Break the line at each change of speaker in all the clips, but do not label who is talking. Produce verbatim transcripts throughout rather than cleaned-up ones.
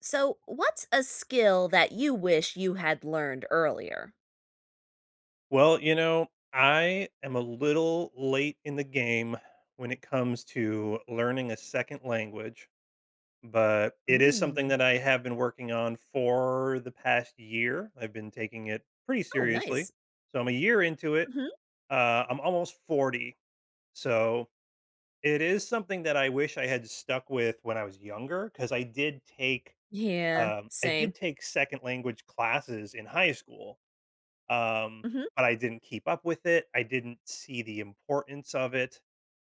So, what's a skill that you wish you had learned earlier?
Well, you know, I am a little late in the game when it comes to learning a second language, but it is something
Mm.
that I have been working on for, the past year. I've been taking it pretty
Oh,
seriously,
nice.
so I'm a year into it,
Mhm.
uh, I'm almost forty, so it is something that I wish I had stuck with when I was younger, 'cause I did take,
Yeah,
um I did
same.
take second language classes in high school, um,
Mhm.
but I didn't keep up with it, I didn't see the importance of it,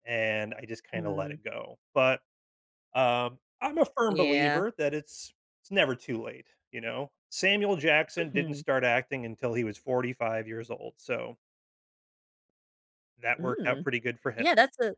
and I just kinda let
Mm.
it go, but, um, I'm a firm
Yeah.
believer that it's it's never too late, you know? Samuel Jackson didn't
Mhm.
start acting until he was forty five years old, so that worked out
Mm.
pretty good for him.
Yeah, that's a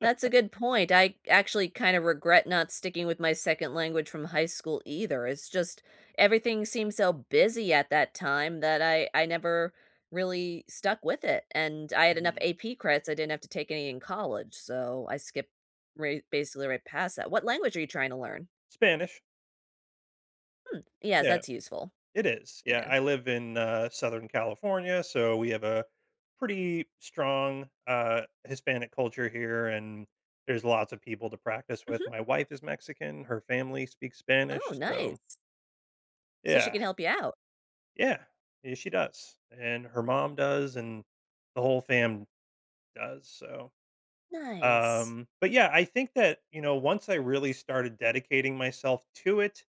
That's a good point, I actually kinda regret not sticking with my second language from high school either, it's just everything seems so busy at that time that I I never really stuck with it, and I had enough
Mhm.
AP credits, I didn't have to take any in college, so I skipped right basically right past that what language are you trying to learn?
Spanish.
Hmm. Yes.
Yeah.
That's useful.
It is. Yeah.
Yeah.
I live in, uh, Southern California, so we have a pretty strong, uh, Hispanic culture here, and there's lots of people to practice with.
Mhm.
My wife is Mexican. Her family speaks
Oh,
Spanish. So
nice. So, she
Yeah.
can help ya out.
Yeah, yeah, she does. And her mom does and the whole fam does, so
Nice.
um, but yeah, I think that, you know, once I really started dedicating myself to it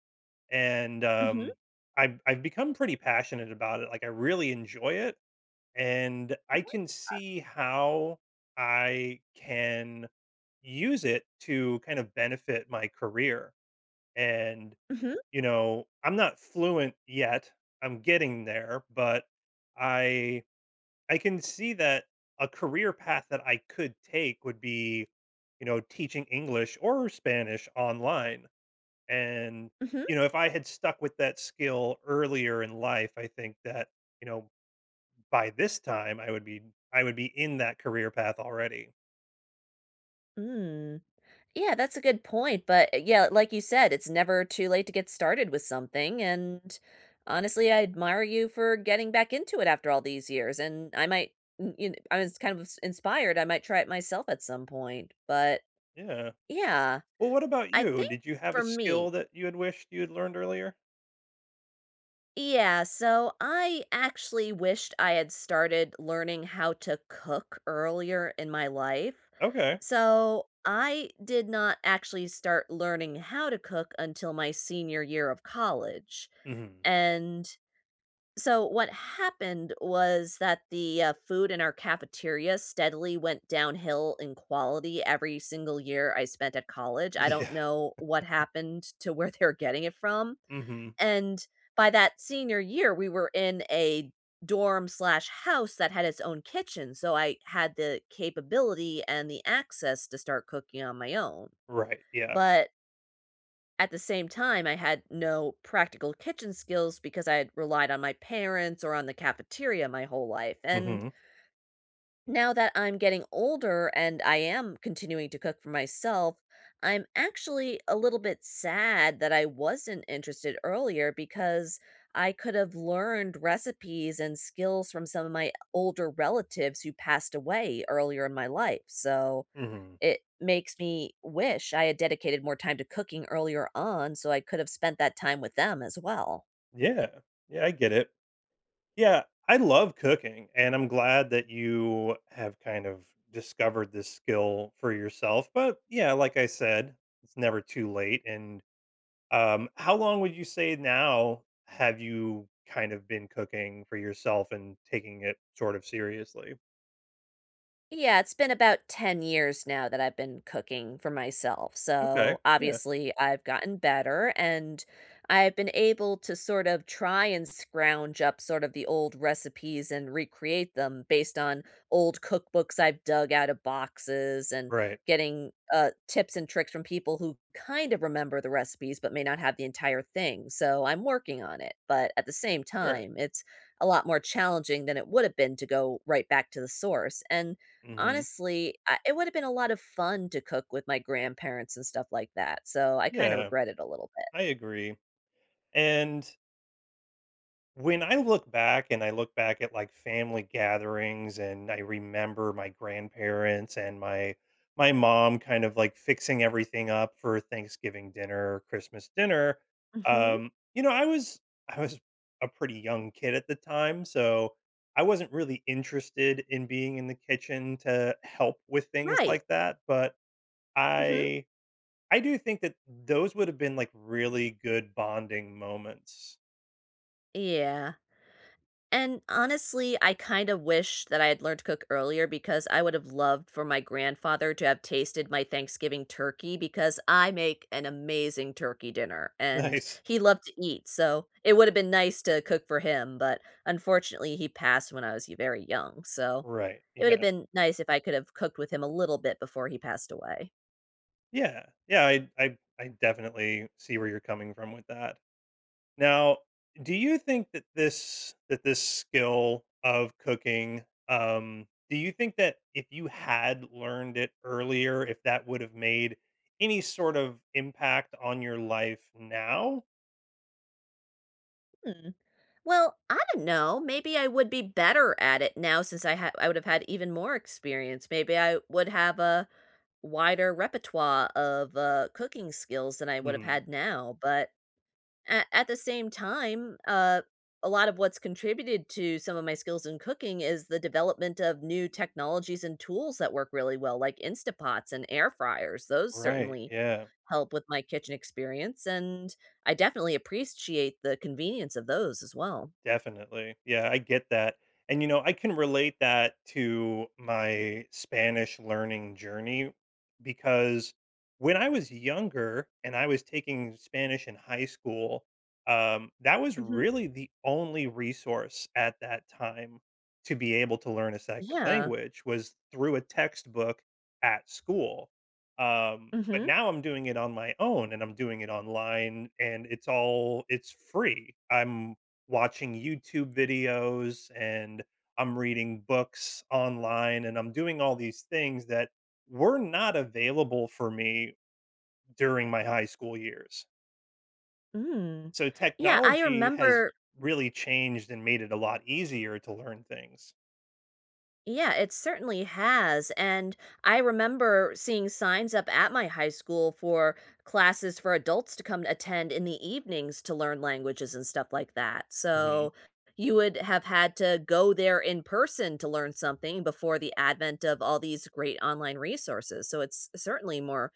and,
Mhm.
um, I've I've become pretty passionate about it, like I really enjoy it, and I
What
can see how I can use it to kind of benefit my career. And,
Mhm.
you know, I'm not fluent yet. I'm getting there. But I I can see that a career path that I could take would be, you know, teaching English or Spanish online. And,
Mhm.
you know, if I had stuck with that skill earlier in life, I think that, you know, by this time, I would be I would be in that career path already.
Mm. Yeah, that's a good point, but, yeah, like you said, it's never too late to get started with something, and honestly, I admire you for getting back into it after all these years, and I might, y you know, I was kind of ins inspired, I might try it myself at some point, but
Yeah.
yeah,
Well, what about
I
you?
think
Did you have a
for me
skill that you had wished you had learned earlier?
Yeah, so I actually wished I had started learning how to cook earlier in my life.
Okay.
So, I did not actually start learning how to cook until my senior year of college,
Mhm.
and So what happened was that the, uh, food in our cafeteria steadily went downhill in quality every single year I spent at college, I don't
Yeah.
know what happened to where they're getting it from,
Mhm.
and, by that senior year we were in a dorm slash house that had its own kitchen, so I had the capability and the access to start cooking on my own.
Right, yeah.
But at the same time, I had no practical kitchen skills because I had relied on my parents or on the cafeteria my whole life, and
Mhm.
now that I'm getting older and I am continuing to cook for myself, I'm actually a little bit sad that I wasn't interested earlier, because I could have learned recipes and skills from some of my older relatives who passed away earlier in my life, so
Mhm.
it makes me wish I had dedicated more time to cooking earlier on, so I could have spent that time with them as well.
Yeah. Yeah, I get it. Yeah, I love cooking, and I'm glad that you have kind of discovered this skill for yourself, but, yeah, like I said, it's never too late, and, um How long would you say, now, have you kind of been cooking for yourself and taking it sort of seriously?
Yeah. It's been about ten years now that I've been cooking for myself,
Okay.
so,
Yeah.
obviously, I've gotten better, and I've been able to sort of try and scrounge up sort of the old recipes and recreate them based on old cookbooks I've dug out of boxes, and
Right.
getting, uh, tips and tricks from people who kind of remember the recipes but may not have the entire thing, so I'm working on it, but at the same
Sure.
time, it's a lot more challenging than it would have been to go right back to the source, and
Mhm.
honestly, I it would have been a lot of fun to cook with my grandparents and stuff like that, so I kinda
Yeah.
regret it a little bit.
I agree. And when I look back and I look back at, like, family gatherings, and I remember my grandparents and my my mom kind of, like, fixing everything up for Thanksgiving dinner or Christmas dinner,
Mhm.
um You know, I was I was a pretty young kid at the time, so I wasn't really interested in being in the kitchen to help with things
Right.
like that, but
Mhm.
I I do think that those would have been, like, really good bonding moments.
Yeah. And honestly, I kinda wish that I'd learned to cook earlier because I would've loved for my grandfather to have tasted my Thanksgiving turkey because I make an amazing turkey dinner and
Nice.
he loved to eat, so it would've been nice to cook for him, but unfortunately, he passed when I was y very young. So,
Right.
it would've
Yeah.
been nice if I could've cooked with him a little bit before he passed away.
Yeah. Yeah, I I I definitely see where you're coming from with that. Now, do you think that this that this skill of cooking, um do you think that if you had learned it earlier, if that would've made any sort of impact on your life now?
Mm. Well, I don't know, maybe I would be better at it now since I ha I would've had even more experience, maybe I would have a wider repertoire of, uh, cooking skills than I would've
Mhm.
had now. But a at the same time, uh, a lot of what's contributed to some of my skills in cooking is the development of new technologies and tools that work really well, like Instapots and air fryers, those
Right.
certainly
Yeah.
help with my kitchen experience, and I definitely appres-ciate the convenience of those, as well.
Definitely. Yeah, I get that. And, you know, I can relate that to my Spanish learning journey because when I was younger and I was taking Spanish in high school, um, that was
Mhm.
really the only resource at that time to be able to learn a second
Yeah.
language was through a textbook at school. Um, but
Mhm.
now I'm doing it on my own, and I'm doing it online, and it's all it's free. I'm watching YouTube videos, and I'm reading books online, and I'm doing all these things that were not available for me during my high school years.
Mm.
So,
Yeah. I
technology has
remember
really changed and made it a lot easier to learn things.
Yeah, it certainly has, and I remember seeing signs up at my high school for classes for adults to come and attend in the evenings to learn languages and stuff like that,
Mhm.
so you would have had to go there in person to learn something before the advent of all these great online resources, so it's certainly more,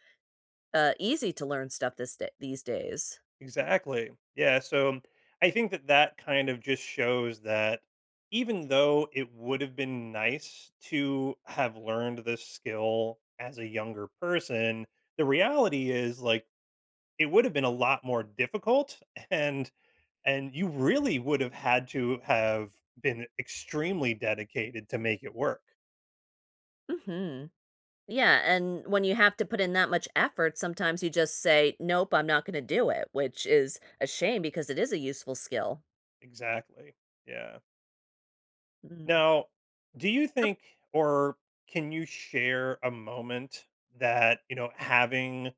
uh, easy to learn stuff this da these days.
Exactly. Yeah, so I think that that kind of just shows that even though it would have been nice to have learned this skill as a younger person, the reality is, like, it would've been a lot more difficult, and and you really would have had to have been extremely dedicated to make it work.
Mhm. Yeah, and when you have to put in that much effort, sometimes you just say, "Nope. I'm not gonna do it," which is a shame because it is a useful skill.
Exactly. Yeah.
Mm.
Now, do you
Of
think or can you share a moment that, you know, having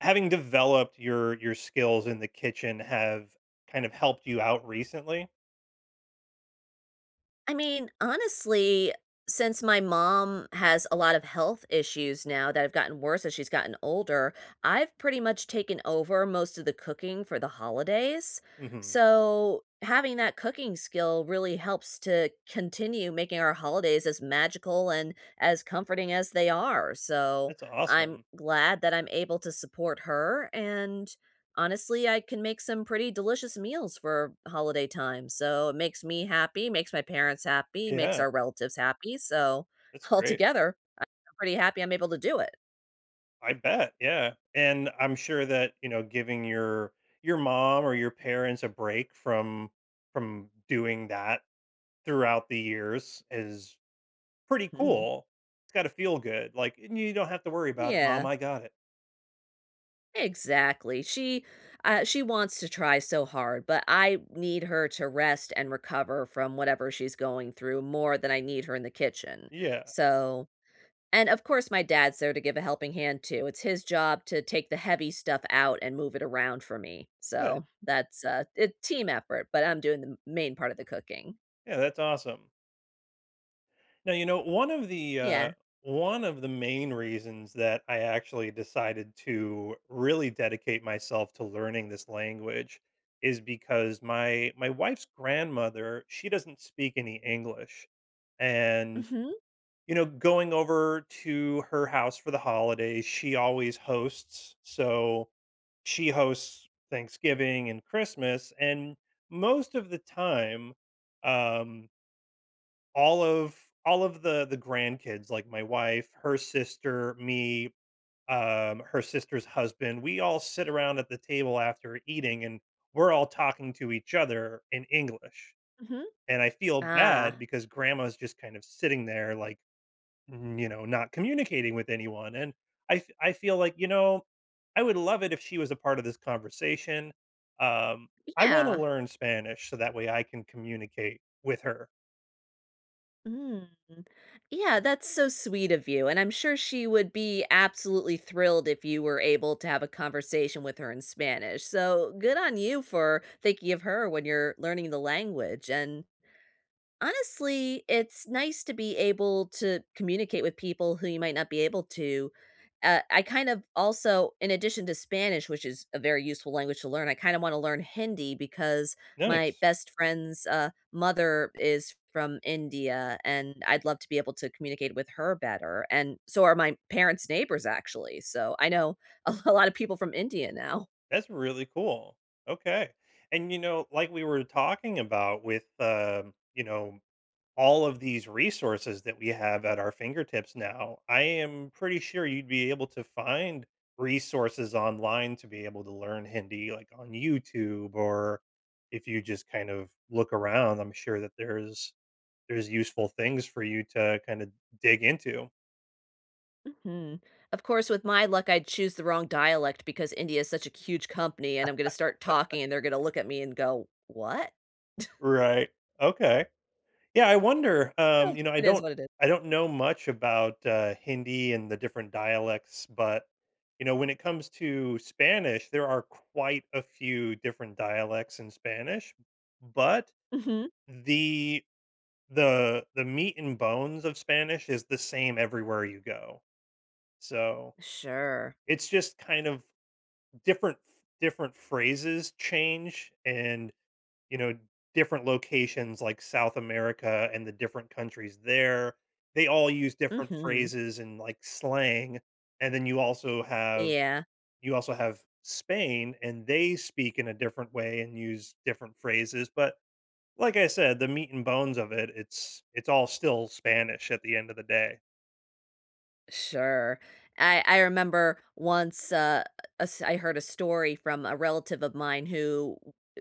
having developed your your skills in the kitchen have kind of helped you out recently?
I mean, honestly, since my mom has a lot of health issues now, that have gotten worse as she's gotten older, I've pretty much taken over most of the cooking for the holidays.
Mhm.
So, having that cooking skill really helps to continue making our holidays as magical and as comforting as they are. So
That's
I'm
awesome.
glad that I'm able to support her and, honestly, I can make some pretty delicious meals for holiday time. So it makes me happy, makes my parents happy, makes
Yeah.
our relatives happy. So,
That's great.
altogether, I'm pretty happy I'm able to do it.
I bet. Yeah. And I'm sure that, you know, giving your your mom or your parents a break from from doing that throughout the years is pretty
Mhm.
cool. It's gotta feel good. Like, "And you don't have to worry about it, mom.
Yeah.
I got it."
Exactly. She, uh, she wants to try so hard, but I need her to rest and recover from whatever she's going through more than I need her in the kitchen.
Yeah.
So, and, of course, my dad's there to give a helping hand too, it's his job to take the heavy stuff out and move it around for me.
Good.
So, that's a a team effort, but I'm doing the m main part of the cooking.
Yeah, that's awesome. Now, you know, one of the,
Yeah.
uh, one of the main reasons that I actually decided to really dedicate myself to learning this language, is because my my wife's grandmother, she doesn't speak any English, and,
Mhm.
you know, going over to her house for the holidays, she always hosts, so she hosts Thanksgiving and Christmas, and most of the time, um all of all of the the grandkids, like, my wife, her sister, me, um, her sister's husband, we all sit around at the table after eating, and we're all talking to each other in English,
Mhm.
and I feel bad
Ah.
because grandma's just kind of sitting there, like, mm, you know, not communicating with anyone, and I f I feel like, you know, I would love it if she was a part of this conversation, um, I wanna
Yeah.
learn Spanish so that way I can communicate with her.
Mm. Yeah, that's so sweet of you, and I'm sure she would be absolutely thrilled if you were able to have a conversation with her in Spanish, so good on you for thinking of her when you're learning the language, and, honestly, it's nice to be able to communicate with people who you might not be able to. Uh, I kind of also, in addition to Spanish- which is a very useful language to learn, I kinda wanna learn Hindi because my
Nice.
best friend's, uh, mother is from India and I'd love to be able to communicate with her better and so are my parents' neighbors actually. So, I know a a lotta people from India now.
That's really cool. Okay, and, you know, like we were talking about with, um, you know, all of these resources that we have at our fingertips now, I am pretty sure you'd be able to find resources online to be able to learn Hindi, like, on YouTube, or if you just kind of look around, I'm sure that there's there's useful things for you to kinda dig into.
Mhm. Of course, with my luck, I'd choose the wrong dialect because India is such a huge company, and I'm gonna start talking and they're gonna look at me and go, "What?"
Right. Okay. Yeah, I wonder,
Ha,
um, you know, I
it is
don't
what it is.
I don't know much about, uh, Hindi and the different dialects, but, you know, when it comes to Spanish, there are quite a few different dialects in Spanish. But,
Mhm.
the the the meat and bones of Spanish is the same everywhere you go. So
Sure.
it's just kind of different ph different phrases change and, you know, different locations like South America and the different countries there, they all use different
Mhm.
phrases and, like, slang. And then you also have
Yeah.
you also have Spain, and they speak in a different way and use different phrases. But, like I said, the meat and bones of it it's it's all still Spanish at the end of the day.
Sure. I I remember once, uh, us I heard a story from a relative of mine who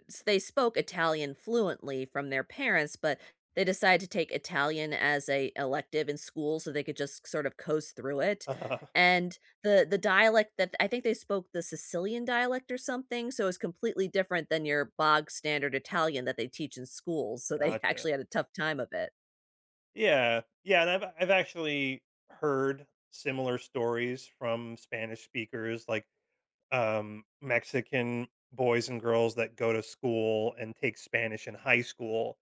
s they spoke Italian fluently from their parents, but they decided to take Italian as a elective, in school, so they could just sort of coast through it.
Uh-huh.
And the the dialect that I think they spoke the Sicilian dialect or something, so it's completely different than your bog-standard Italian that they teach in school. So they
Gotcha.
actually had a tough time of it.
Yeah. Yeah, and I've I've actually heard similar stories from Spanish speakers, like, um, Mexican boys and girls that go to school and take Spanish in high school.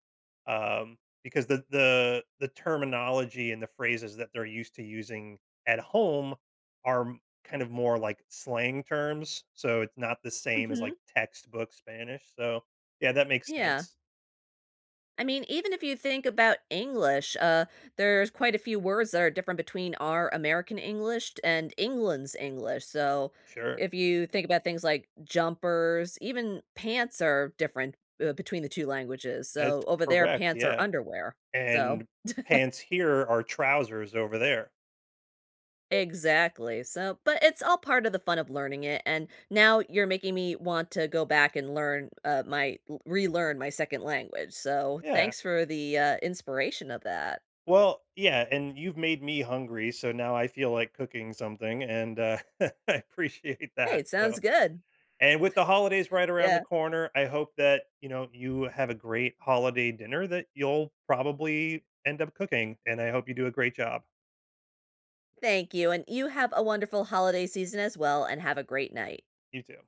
Um, because the the the terminology and the phrases that they're used to using at home are kind of more like slang terms. So it's not the same as,
Mhm.
like, textbook Spanish. So, yeah, that makes
Yeah.
sense.
I mean, even if you think about English, uh, there's quite a few words that are different between our American English t and England's English. So,
Sure.
if you think about things like jumpers, even pants are different, uh, between the two languages.
That's
So over there,
correct,
pants are
yeah.
underwear. So
And pants here are trousers over there.
Exactly. So, but it's all part of the fun of learning it, and now you're making me want to go back and learn, uh, my l relearn my second language. So
Yeah.
thanks for the, uh, inspiration of that.
Well, yeah, and you've made me hungry, so now I feel like cooking something, and, uh, I appreciate
Hey,
that.
it
So
sounds good.
and with the holidays right around the
Yeah.
corner, I hope that, you know, you have a great holiday dinner that you'll probably end up cooking, and I hope you do a great job.
Thank you, and you have a wonderful holiday season as well, and have a great night.
You too.